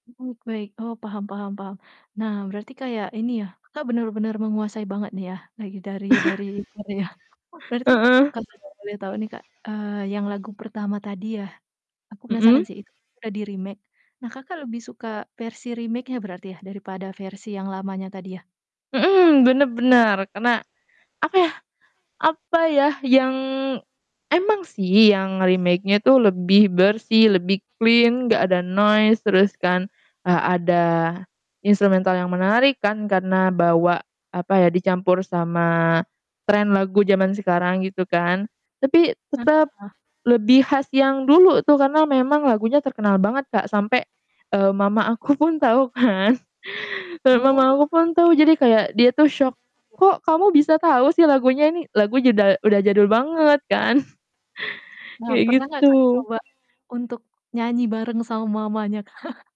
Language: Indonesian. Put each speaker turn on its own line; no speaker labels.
Oke, baik, oh paham paham paham. Nah, berarti kayak ini ya, Kakak bener-bener menguasai banget nih ya, lagi dari dari dari Korea, berarti
Heeh.
kalau boleh tau nih Kak, eee, yang lagu pertama tadi ya, aku penasaran
Mhm.
sih itu tuh udah di remake. Nah, Kakak lebih suka versi remake-nya berarti ya, daripada versi yang lamanya tadi ya?
Mhm, bener bener. Karena apa ya apa ya, yang emang sih yang remake-nya itu lebih bersih, lebih clean gak ada noise, terus kan, eee, ada instrumental yang menarik kan, karena bawa apa ya, dicampur sama trend lagu jaman sekarang gitu kan. Tapi tetep
Heeh.
lebih khas yang dulu tuh, karena memang lagunya terkenal banget Kak, sampe, eee, mama aku pun tau kan, eee, mama
Oh.
aku pun tuh, jadi kayak dia tuh syok
[unintelligible]
"Kok, kamu bisa tau sih lagunya ini?" Lagunya udah udah jadul banget kan.
Nah,
Kayak
pernah gak, Kakak
gitu.
coba untuk nyanyi bareng sama mamanya Kak?